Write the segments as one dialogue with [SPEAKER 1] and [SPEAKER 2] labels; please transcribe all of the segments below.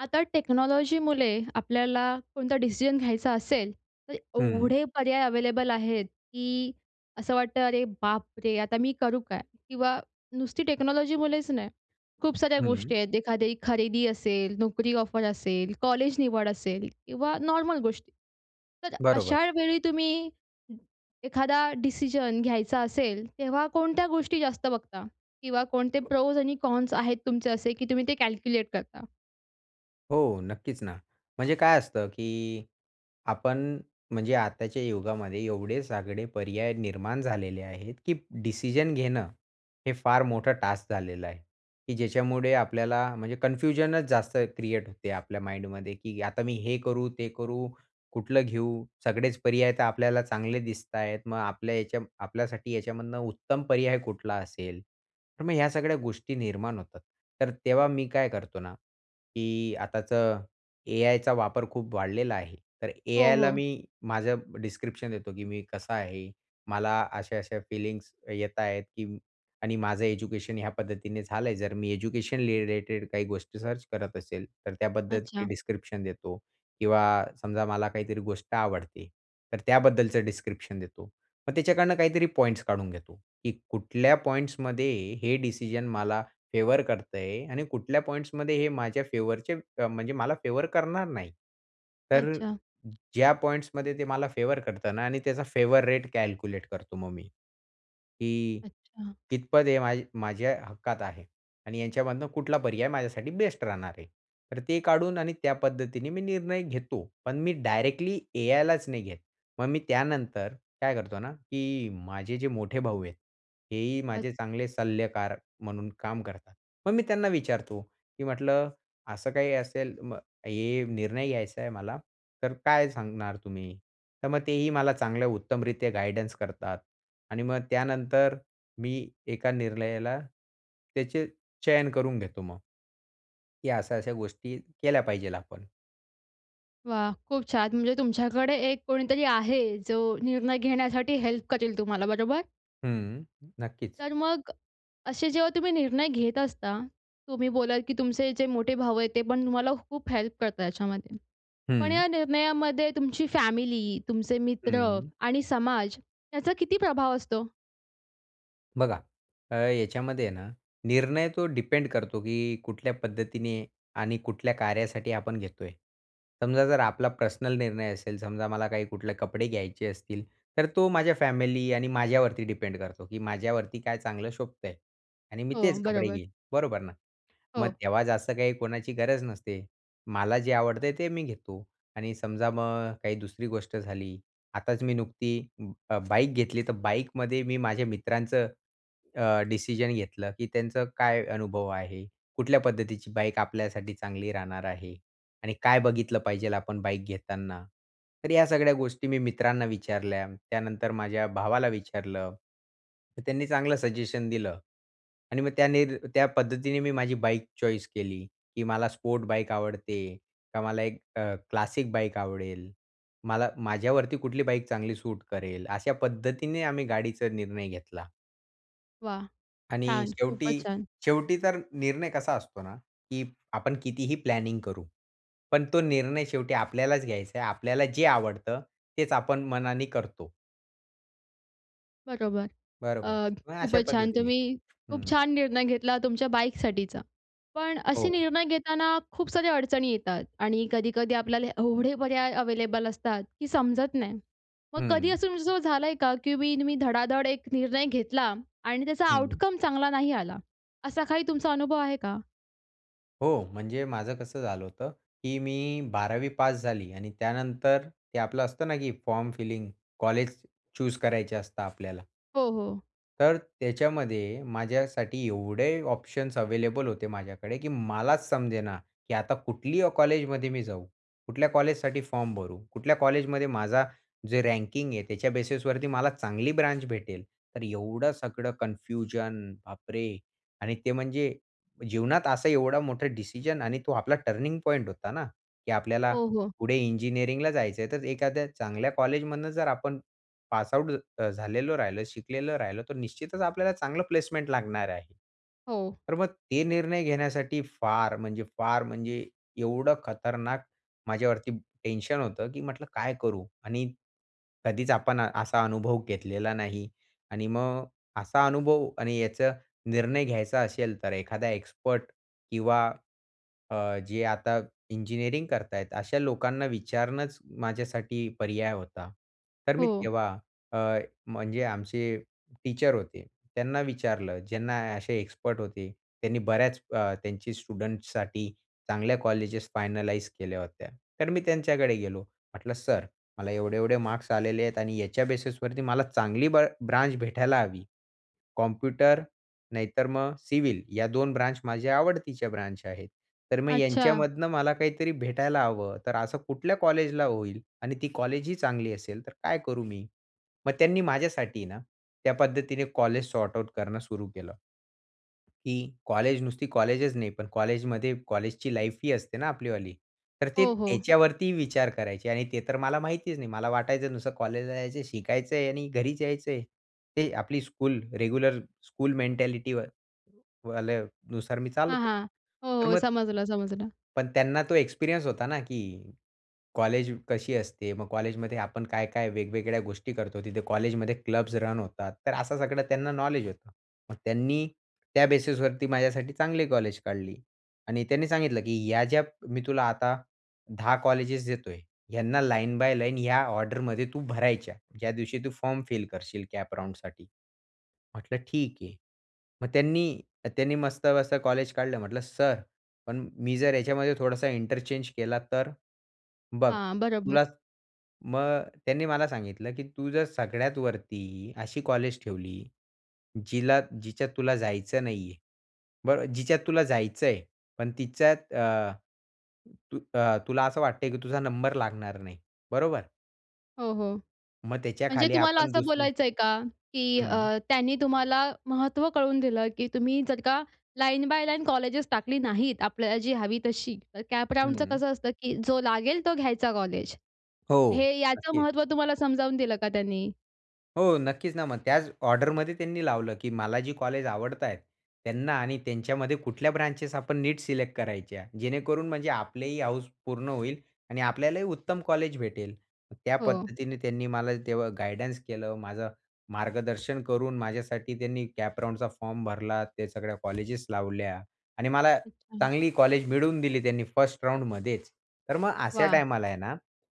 [SPEAKER 1] आता टेक्नॉलॉजीमुळे आपल्याला कोणता डिसिजन घ्यायचा असेल, तर
[SPEAKER 2] हं.
[SPEAKER 1] एवढे पर्याय अवेलेबल आहेत की असं वाटतं "अरे बापरे! आता मी करू काय?" किंवा नुसती टेक्नॉलॉजीमुळेच नाही खूप साऱ्या
[SPEAKER 2] हं.
[SPEAKER 1] गोष्टी आहेत. एखादी खरेदी असेल, नोकरी ऑफर असेल, कॉलेज निवड असेल किंवा नॉर्मल गोष्टी. तर
[SPEAKER 2] बरोबर.
[SPEAKER 1] अशा वेळी तुम्ही एखादा डिसिजन घ्यायचा असेल, तेव्हा कोणत्या गोष्टी जास्त बघता? किंवा कोणते
[SPEAKER 2] [unintelligible]
[SPEAKER 1] प्रोस आणि कॉन्स आहेत तुमचे असे की तुम्ही ते कॅल्क्युलेट करता?
[SPEAKER 2] हो. नक्कीच ना. म्हणजे काय असतं, की आपण म्हणजे आताच्या युगामध्ये एवढे सगळे पर्याय निर्माण झालेले आहेत की डिसिजन घेणं, हे फार मोठं टास्क झालेलं आहे. की ज्याच्यामुळे आपल्याला म्हणजे कन्फ्युजनच जास्त क्रिएट होते आपल्या माइंडमध्ये की "आता मी हे करू? ते करू? कुठलं घेऊ? सगळेच पर्याय तर आपल्याला चांगले दिसत आहेत. मग आपल्या ह्याच्या आपल्यासाठी ह्याच्यामधनं उत्तम पर्याय कुठला असेल?" तर मग ह्या सगळ्या गोष्टी निर्माण होतात. तर तेव्हा मी काय करतो ना, की आताचं ए-आयचा वापर खूप वाढलेला आहे तर
[SPEAKER 1] हो,
[SPEAKER 2] ए-आयला
[SPEAKER 1] हो.
[SPEAKER 2] मी माझ्या डिस्क्रिप्शन देतो की मी कसा आहे मला अशा-अशा फीलिंग्स येत आहेत, की आणि माझं एज्युकेशन या पद्धतीने झाल आहे. जर मी एज्युकेशन रिलेटेड काही गोष्टी सर्च करत असेल तर त्याबद्दलची
[SPEAKER 1] अच्छा.
[SPEAKER 2] डिस्क्रिप्शन देतो. किंवा समजा मला काहीतरी गोष्ट आवडते तर त्याबद्दलचं डिस्क्रिप्शन देतो. मग त्याच्याकडून काहीतरी पॉईंट्स काढून घेतो. की कुठल्या पॉईंट्स मध्ये हे डिसिजन मला फेवर करत आहे आणि कुठल्या पॉईंट्स मध्ये हे माझ्या फेवरचे अ, म्हणजे मला फेवर करणार नाही. तर
[SPEAKER 1] अच्छा.
[SPEAKER 2] ज्या पॉईंट्स मध्ये ते मला फेवर करता ना आणि त्याचा फेवर रेट कॅल्क्युलेट करतो मग मी. की
[SPEAKER 1] अच्छा.
[SPEAKER 2] कितपत हे मा माझ्या हक्कात आहे आणि यांच्यामधनं कुठला पर्याय माझ्यासाठी बेस्ट राहणार आहे. तर ते काढून आणि त्या पद्धतीने मी निर्णय घेतो, पण मी डायरेक्टली ए-आयलाच नाही घेत. मग मी त्यानंतर काय करतो ना, की माझे जे मोठे भाऊ आहेत, हेही
[SPEAKER 1] अच्छा.
[SPEAKER 2] माझे चांगले सल्लागार म्हणून काम करतात. मग मी त्यांना विचारतो, की म्हटलं असं काही असेल "म हे निर्णय घ्यायचा आहे मला, तर काय सांगणार तुम्ही?" तर मग तेही मला चांगल्या उत्तमरीत्या गाईडन्स करतात. आणि मग त्यानंतर मी एका निर्णयाला त्याचे चयन करून घेतो मग. की अशा-अशा गोष्टी केल्या पाहिजे आपण.
[SPEAKER 1] वाह! खूप छान. म्हणजे तुमच्याकडे एक कोणीतरी आहे जो निर्णय घेण्यासाठी हेल्प करेल तुम्हाला, बरोबर?
[SPEAKER 2] हं, नक्कीच.
[SPEAKER 1] तर मग असे जेव्हा तुम्ही निर्णय घेत असता, तुम्ही बोललात की तुमचे जे मोठे भाऊ आहेत, ते पण तुम्हाला खूप हेल्प करतात याच्यामध्ये. पण
[SPEAKER 2] हं.
[SPEAKER 1] या निर्णयामध्ये तुमची फॅमिली, तुमचे मित्र
[SPEAKER 2] हं.
[SPEAKER 1] आणि समाज, त्याचा किती प्रभाव असतो?
[SPEAKER 2] बघा, अ, याच्यामध्ये आहे ना, निर्णय तो डिपेंड करतो की कुठल्या पद्धतीने आणि कुठल्या कार्यासाठी आपण घेतोय. समजा जर आपला पर्सनल निर्णय असेल, समजा मला काही कुठले कपडे घ्यायचे असतील, तर तो माझ्या फॅमिली आणि माझ्यावरती डिपेंड करतो की "माझ्यावरती काय चांगलं शोभतंय?" आणि "मी
[SPEAKER 1] हो,
[SPEAKER 2] तेच कपडे
[SPEAKER 1] बरोबर.
[SPEAKER 2] घेईन, बरोबर ना?" मग
[SPEAKER 1] हो.
[SPEAKER 2] तेव्हा जास्त काही कोणाची गरज नसते, मला जे आवडतय ते मी घेतो. आणि समजा मग काही दुसरी गोष्ट झाली आताच मी नुकती अं, अ, बाईक घेतली, तर बाईकमध्ये मी माझ्या मित्रांचं अ, डिसिजन घेतलं की "त्यांचा काय अनुभव आहे? कुठल्या पद्धतीची बाईक आपल्यासाठी चांगली राहणार आहे आणि काय बघितलं पाहिजेल आपण बाईक घेताना?" तर ह्या सगळ्या गोष्टी मी मित्रांना विचारल्या. त्यानंतर माझ्या भावाला विचारलं. तर त्यांनी चांगलं सजेशन दिलं आणि मग त्या निर त्या पद्धतीने मी माझी बाईक चॉईस केली की मला स्पोर्ट बाईक आवडते, का मला एक अ, क्लासिक बाईक आवडेल, मला माझ्यावरती कुठली बाईक चांगली सूट करेल, अशा पद्धतीने आम्ही गाडीचा निर्णय घेतला.
[SPEAKER 1] वाह!
[SPEAKER 2] आणि
[SPEAKER 1] छान, खूपच
[SPEAKER 2] शेवटी.
[SPEAKER 1] छान.
[SPEAKER 2] शेवटी तर निर्णय कसा असतो ना, की आपण कितीही प्लॅनिंग करू. पण तो निर्णय शेवटी आपल्यालाच घ्यायचा आहे. आपल्याला जे आवडतं तेच आपण मनाने करतो.
[SPEAKER 1] बरोबर.
[SPEAKER 2] बरोबर.
[SPEAKER 1] अ,
[SPEAKER 2] मग अशा
[SPEAKER 1] खूपच छान.
[SPEAKER 2] पद्धतीने.
[SPEAKER 1] तुम्ही खूप
[SPEAKER 2] हं.
[SPEAKER 1] छान निर्णय घेतला तुमच्या बाईकसाठीचा. पण असे
[SPEAKER 2] हो.
[SPEAKER 1] निर्णय घेताना खूप साऱ्या अडचणी येतात. आणि कधी-कधी आपल्याला एवढे पर्याय अवेलेबल असतात, की समजत नाही. मग कधी
[SPEAKER 2] हं.
[SPEAKER 1] असं तुमचं झालं आहे का, की तुम्ही धडाधड एक निर्णय घेतला आणि त्याचा
[SPEAKER 2] हं.
[SPEAKER 1] आउटकम चांगला नाही आला. असा काही तुमचा अनुभव आहे का?
[SPEAKER 2] हो, म्हणजे माझं कसं झालं होतं, की मी 12वी पास झाली आणि त्यानंतर, ते आपलं असतं ना, की फॉर्म फिलिंग कॉलेज चूज करायचं असतं आपल्याला.
[SPEAKER 1] हो, हो.
[SPEAKER 2] तर त्याच्यामध्ये माझ्यासाठी एवढे ऑप्शन्स अवेलेबल होते माझ्याकडे की मलाच समजेना. की आता कुठल्या कॉलेजमध्ये मी जाऊ. कुठल्या कॉलेजसाठी फॉर्म भरू. कुठल्या कॉलेजमध्ये माझा, जे रँकिंग आहे त्याच्या बेसिसवरती मला चांगली ब्रांच भेटेल. तर एवढं सगळं कन्फ्युजन बापरे! आणि ते म्हणजे, जीवनात असा एवढा मोठा डिसिजन आणि तो आपला टर्निंग पॉइंट होता ना. की आपल्याला
[SPEAKER 1] हो, हो.
[SPEAKER 2] पुढे इंजिनिअरिंगला जायचं आहे तर एखाद्या चांगल्या कॉलेजमधनं जर आपण, पास आउट अ, झालेलं राहिलं, शिकलेलं राहिलं तर निश्चितच आपल्याला चांगला प्लेसमेंट लागणार आहे.
[SPEAKER 1] हो.
[SPEAKER 2] तर मग ते निर्णय घेण्यासाठी फार म्हणजे, फार म्हणजे एवढं खतरनाक, माझ्यावरती टेन्शन होतं की म्हटलं काय करू. आणि कधीच आपण असा अनुभव घेतलेला नाही. आणि मग असा अनुभव आणि याचा निर्णय घ्यायचा असेल तर एखादा एक्सपर्ट किंवा अ, जे आता इंजिनिअरिंग करत आहेत अशा लोकांना विचारणंच माझ्यासाठी पर्याय होता. तर मी
[SPEAKER 1] हो.
[SPEAKER 2] तेव्हा अ, म्हणजे आमचे टीचर होते. त्यांना विचारलं ज्यांना असे एक्सपर्ट होते. त्यांनी बऱ्याच अ, त्यांचे स्टुडंट्ससाठी चांगल्या कॉलेज फायनलाईज केल्या होत्या. तर मी त्यांच्याकडे गेलो. म्हटलं सर, मला एवढे-एवढे मार्क्स आलेले आहेत आणि याच्या बेसिसवरती मला चांगली ब्र ब्रांच भेटायला हवी. कॉम्प्युटर नाहीतर मग सिव्हिल या 2 ब्रांच माझ्या आवडतीच्या ब्रांच आहेत. तर मग
[SPEAKER 1] अच्छा.
[SPEAKER 2] यांच्यामधनं मला काहीतरी भेटायला हवं तर असं कुठल्या कॉलेजला होईल. आणि ती कॉलेज ही चांगली असेल तर काय करू मी? मग त्यांनी माझ्यासाठी ना. त्या पद्धतीने कॉलेज सॉर्ट आउट करणं सुरू केलं. की कॉलेज नुसती कॉलेजच नाही पण कॉलेजमध्ये कॉलेजची लाईफ ही असते ना आपली वाली. तर ते
[SPEAKER 1] हो, हो.
[SPEAKER 2] त्याच्या वरती विचार करायचे आणि ते तर मला माहितीच नाही. मला वाटायचं नुसतं कॉलेजला जायचं शिकायचं आहे आणि घरीच यायचंय. ते आपली स्कूल रेग्युलर स्कूल मेंटॅलिटी, वाल्यानुसार मी चालत
[SPEAKER 1] हां,
[SPEAKER 2] होतो.
[SPEAKER 1] हां. हो,
[SPEAKER 2] तर
[SPEAKER 1] हो.
[SPEAKER 2] मग
[SPEAKER 1] समजलं, समजलं.
[SPEAKER 2] पण त्यांना तो एक्सपिरियन्स होता ना, की कॉलेज कशी असते. मग कॉलेजमध्ये आपण काय-काय वेगवेगळ्या गोष्टी करतो तिथे कॉलेजमध्ये क्लब्स रन होतात. तर असं सगळं त्यांना नॉलेज होतं. मग त्यांनी, त्या बेसिसवरती माझ्यासाठी चांगली कॉलेज काढली. आणि त्यांनी सांगितलं की ह्या ज्या मी तुला आता 10 कॉलेजेस देतोय ह्यांना लाईन बाय लाईन या ऑर्डर मध्ये तू भरायच्या. ज्या दिवशी तू फॉर्म फिल करशील कॅप राउंडसाठी. म्हटलं ठीक आहे. मग त्यांनी. त्यांनी मस्त-मस्त कॉलेज काढलं म्हटलं सर. "पण मी जर याच्यामध्ये थोडासा इंटरचेंज केला तर?" बघ
[SPEAKER 1] हां, बरोबर.
[SPEAKER 2] तुला, मग त्यांनी मला सांगितलं की तू जर सगळ्यात वरती अशी कॉलेज ठेवली. जिला जिच्यात तुला जायचं नाही आहे. बरं जिच्यात तुला जायचं आहे पण तिच्यात अ, तू तुला असं वाटतंय की तुझा नंबर लागणार नाही बरोबर.
[SPEAKER 1] हो, हो.
[SPEAKER 2] मग
[SPEAKER 1] म्हणजे
[SPEAKER 2] त्याच्याखाली
[SPEAKER 1] तुम्हाला
[SPEAKER 2] आपण
[SPEAKER 1] असं
[SPEAKER 2] दुसरे
[SPEAKER 1] बोलायचयं का? की
[SPEAKER 2] हं.
[SPEAKER 1] अ, त्यांनी तुम्हाला महत्त्व कळवून दिलं की तुम्ही जर का लाईन बाय लाईन कॉलेजेस टाकली नाहीत, आपल्याला जी हवी तशी. तर कॅप राउंडचं
[SPEAKER 2] हं.
[SPEAKER 1] कसं असतं? की जो लागेल तो घ्यायचा कॉलेज.
[SPEAKER 2] हो.
[SPEAKER 1] हे याचं
[SPEAKER 2] नक्कीचं.
[SPEAKER 1] महत्त्व तुम्हाला समजावून दिलं का त्यांनी?
[SPEAKER 2] हो. नक्कीचं ना. मग त्याच ऑर्डरमध्ये त्यांनी लावलं की मला जी कॉलेज आवडतायेत त्यांना आणि त्यांच्यामध्ये कुठल्या ब्रांचेस आपण नीट सिलेक्ट करायच्या. जेणेकरून म्हणजे आपलीही हौस पूर्ण होईल आणि आपल्यालाही उत्तम कॉलेज भेटेल. त्या
[SPEAKER 1] हो.
[SPEAKER 2] पद्धतीने त्यांनी मला तेव्हा गाईडन्स केलं. माझं मार्गदर्शन करून माझ्यासाठी त्यांनी कॅप राउंडचा फॉर्म भरला. त्या सगळ्या कॉलेजेस लावल्या आणि मला
[SPEAKER 1] अच्छा.
[SPEAKER 2] चांगली कॉलेज मिळवून दिली त्यांनी फर्स्ट राउंडमध्येचं. तर मग अशा
[SPEAKER 1] वाह!
[SPEAKER 2] टाईमाला आहे ना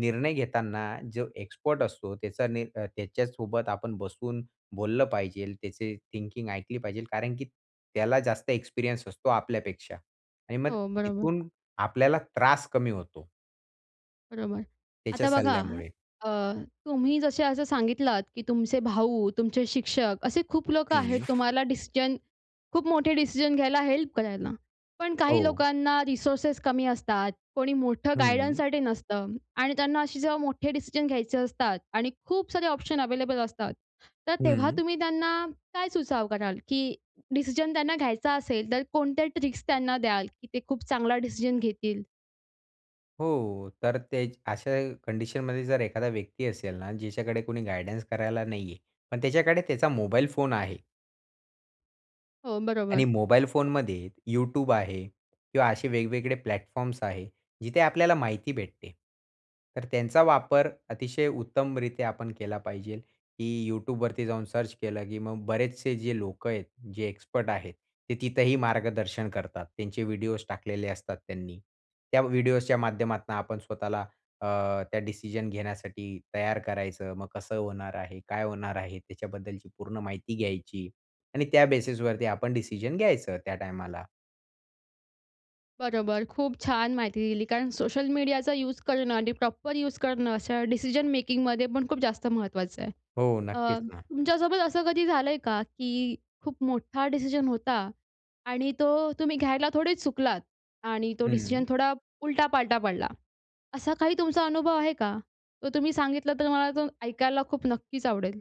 [SPEAKER 2] निर्णय घेताना जो एक्सपर्ट असतो त्याचा नि अ, त्याच्यासोबत आपण बसून बोललं पाहिजेलं, त्याची थिंकिंग ऐकली पाहिजेलं कारण की त्याला जास्त एक्सपिरियन्स असतो आपल्यापेक्षा आणि मग
[SPEAKER 1] हो. बरोबर.
[SPEAKER 2] तिथून आपल्याला त्रास कमी होतो.
[SPEAKER 1] बरोबर.
[SPEAKER 2] त्याच्या
[SPEAKER 1] आता बघा.
[SPEAKER 2] सल्ल्यामुळे.
[SPEAKER 1] अ, तुम्ही जसे असं सांगितलात की तुमचे भाऊ, तुमचे शिक्षक असे खूप लोकं आहेत
[SPEAKER 2] हं.
[SPEAKER 1] तुम्हाला डिसिजन, खूप मोठे डिसिजन घ्यायला, हेल्प करायला. पण काही
[SPEAKER 2] हो.
[SPEAKER 1] लोकांना रिसोर्सेस कमी असतात. कोणी मोठं
[SPEAKER 2] हं.
[SPEAKER 1] गाईडन्ससाठी नसतं आणि त्यांना असे जेव्हा मोठे डिसिजन घ्यायचे असतात आणि खूप सारे ऑप्शन अवेलेबल असतात. तर तेव्हा
[SPEAKER 2] हं.
[SPEAKER 1] तुम्ही त्यांना काय सुचाव कराल? की डिसिजन त्यांना घ्यायचा असेल तर कोणत्या ट्रिक्स त्यांना द्याल? की ते खूप चांगला डिसिजन घेतील.
[SPEAKER 2] हो तर तेच अशा कंडिशनमध्ये जर एखादा व्यक्ती असेल ना, ज्याच्याकडे कोणी गाईडन्स करायला नाहीये. पण त्याच्याकडे त्याचा मोबाईल फोन आहे.
[SPEAKER 1] हो, बरोबर.
[SPEAKER 2] आणि मोबाईल फोनमध्ये YouTube आहे किंवा असे वेगवेगळे प्लॅटफॉर्म्स आहे, जिथे आपल्याला माहिती भेटते. तर त्यांचा वापर अतिशय उत्तमरीत्या आपण केला पाहिजे. की YouTubeवरती जाऊन सर्च केलं, की मग बरेचसे जे लोकं आहेत, जे एक्सपर्ट आहेत, ते तिथेही मार्गदर्शन करतात. त्यांचे व्हिडिओज टाकलेले असतात त्यांनी. त्या व्हिडिओजच्या माध्यमातून आपण स्वतःला अ, त्या डिसिजन घेण्यासाठी तयार करायचं. मग कसं होणार आहे? काय होणार आहे? त्याच्याबद्दलची पूर्ण माहिती घ्यायची आणि त्या बेसिसवरती आपण डिसिजन घ्यायचं त्या टायमाला.
[SPEAKER 1] बरोबर. खूप छान माहिती दिली कारण सोशल मीडियाचा यूज करणं आणि प्रॉपर यूज करणं अशा डिसिजन मेकिंगमध्येपण खूप जास्त महत्त्वाचं आहे.
[SPEAKER 2] हो,
[SPEAKER 1] अ,
[SPEAKER 2] नक्कीच ना.
[SPEAKER 1] तुमच्यासोबत असं कधी झालंय का? की खूप मोठा डिसिजन होता आणि तो तुम्ही घ्यायला थोडेच चुकलात आणि तो डिसिजन
[SPEAKER 2] हं.
[SPEAKER 1] थोडा उलटापालटा पडला. असा काही तुमचा अनुभव आहे का? तो तुम्ही सांगितला, तर मला तो ऐकायला खूप नक्कीच आवडेल.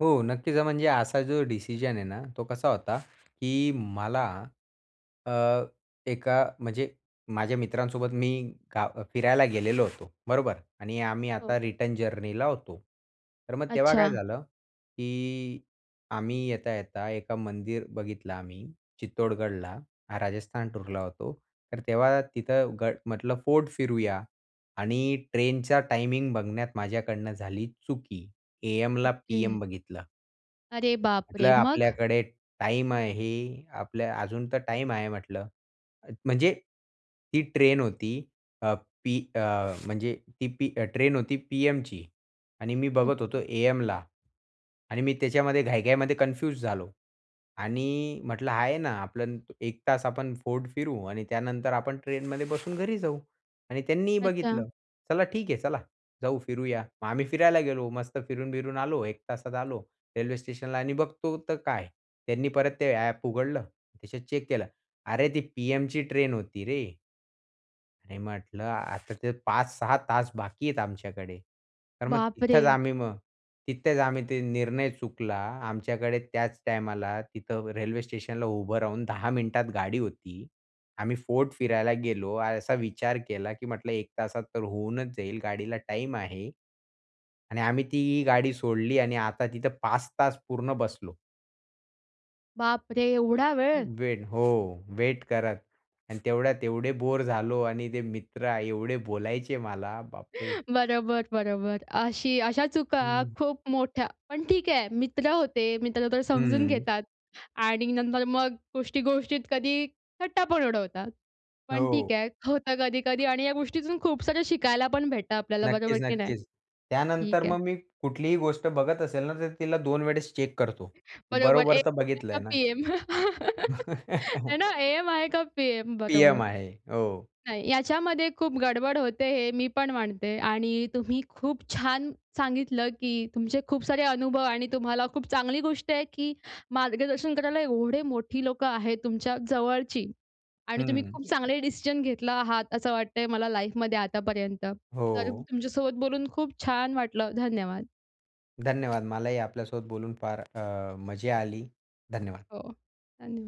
[SPEAKER 2] हो. नक्कीच. म्हणजे असा जो डिसिजन आहे ना तो कसा होता की मला अ, एका म्हणजे माझ्या मित्रांसोबत मी का फिरायला गेलेलो होतो. बरोबर? आणि आम्ही
[SPEAKER 1] हो.
[SPEAKER 2] आता रिटर्न जर्नीला होतो. तर मग तेव्हा काय
[SPEAKER 1] अच्छा.
[SPEAKER 2] झालं की आम्ही येता-येता एका मंदिर बघितलं आम्ही, चित्तोडगडला. राजस्थान टूरला होतो तर तेव्हा तिथं गड म्हटलं फोर्ड फिरूया. आणि ट्रेनचा टायमिंग बघण्यात माझ्याकडनं झाली चुकी एएमला पीएम
[SPEAKER 1] ओके.
[SPEAKER 2] बघितलं.
[SPEAKER 1] अरे बाप
[SPEAKER 2] म्हटलं
[SPEAKER 1] रे! मग?
[SPEAKER 2] आपल्याकडे टाईम आहे. आपल्या अजून तर टाईम आहे म्हटलं. म्हणजे ती ट्रेन होती अ, पी अ, म्हणजे ती पी अ, ट्रेन होती पीएमची. आणि मी बघत होतो
[SPEAKER 1] ओके.
[SPEAKER 2] एएमला. आणि मी त्याच्यामध्ये घाई-घाईमध्ये कन्फ्यूज झालो. आणि म्हटलं आहे ना आपलं 1 तास आपण फोर्ट फिरू आणि त्यानंतर आपण ट्रेन मध्ये बसून घरी जाऊ. आणि त्यांनीही
[SPEAKER 1] अच्छा.
[SPEAKER 2] बघितलं. चला ठीक आहे चला जाऊ फिरूया. मग आम्ही फिरायला गेलो. मस्त फिरून बिरून आलो. 1 तासात आलो. रेल्वे स्टेशनला आणि बघतो तर काय, त्यांनी परत ते ॲप उघडलं. त्याच्यात चेक केलं. "अरे! ती पीएमची ट्रेन होती रे." अ, पी अ, म्हणजे ती पी अ ते 5-6 तास बाकी आहेत आमच्याकडे. तर मग
[SPEAKER 1] बाप
[SPEAKER 2] तिथेच
[SPEAKER 1] रे!
[SPEAKER 2] आम्ही मग तिथेच आम्ही ते निर्णय चुकला आमच्याकडे त्याच टाईमाला तिथं रेल्वे स्टेशनला उभं राहून 10 मिनिटात गाडी होती. आम्ही फोर्ट फिरायला गेलो असा विचार केला की म्हटलं 1 तासात तर होऊनच जाईल गाडीला टाईम आहे. आणि आम्ही ती ही गाडी सोडली आणि आता तिथं 5 तास पूर्ण बसलो.
[SPEAKER 1] बापरे! एवढा वेळ?
[SPEAKER 2] वेट हो वेट करत. आणि तेवढ्यात एवढे बोर झालो आणि ते मित्र एवढे बोलायचे मला, बापरे!
[SPEAKER 1] बरोबर, बरोबर. अशी अशा चुका
[SPEAKER 2] हं.
[SPEAKER 1] खूप मोठ्या पण ठीक आहे मित्र होते, मित्र तर समजून
[SPEAKER 2] हम्म.
[SPEAKER 1] घेतात आणि नंतर मग गोष्टी-गोष्टीत कधी थट्टा पण उडवतात. पण ठीक
[SPEAKER 2] हो.
[SPEAKER 1] आहे, होतं कधी-कधी आणि या गोष्टीतून खूपसारं शिकायला पण भेटतं आपल्याला बरोबर
[SPEAKER 2] नक्कीच
[SPEAKER 1] की नाही?
[SPEAKER 2] नक्कीच. त्यानंतर
[SPEAKER 1] ठीक आहे.
[SPEAKER 2] मग मी कुठलीही गोष्ट बघत असेल ना, तर तिला 2 वेळेस चेक करतो. की
[SPEAKER 1] बरोबर,
[SPEAKER 2] "बरोबर
[SPEAKER 1] एएम
[SPEAKER 2] तर
[SPEAKER 1] आहे
[SPEAKER 2] बघितलंय
[SPEAKER 1] का
[SPEAKER 2] ना?"
[SPEAKER 1] पीएम, हे ना? एएम आहे का पीएम?
[SPEAKER 2] पीएम
[SPEAKER 1] बरोबर.
[SPEAKER 2] आहे. हो.
[SPEAKER 1] काय, याच्यामध्ये खूप गडबड होते हे मी पण मानते आणि तुम्ही खूप छान सांगितलं की तुमचे खूप सारे अनुभव आणि तुम्हाला खूप चांगली गोष्ट आहे की मार्गदर्शन करायला एवढे मोठी लोकं आहेत तुमच्या जवळची. आणि तुम्ही
[SPEAKER 2] हं.
[SPEAKER 1] खूप चांगले डिसिजन घेतला आहात असं वाटतंय मला लाईफमध्ये आतापर्यंत. तर
[SPEAKER 2] हो.
[SPEAKER 1] तुमच्यासोबत बोलून खूप छान वाटलं. धन्यवाद!
[SPEAKER 2] धन्यवाद! मलाही आपल्यासोबत बोलून फार अ, मजा आली. धन्यवाद!
[SPEAKER 1] हो. धन्यवाद!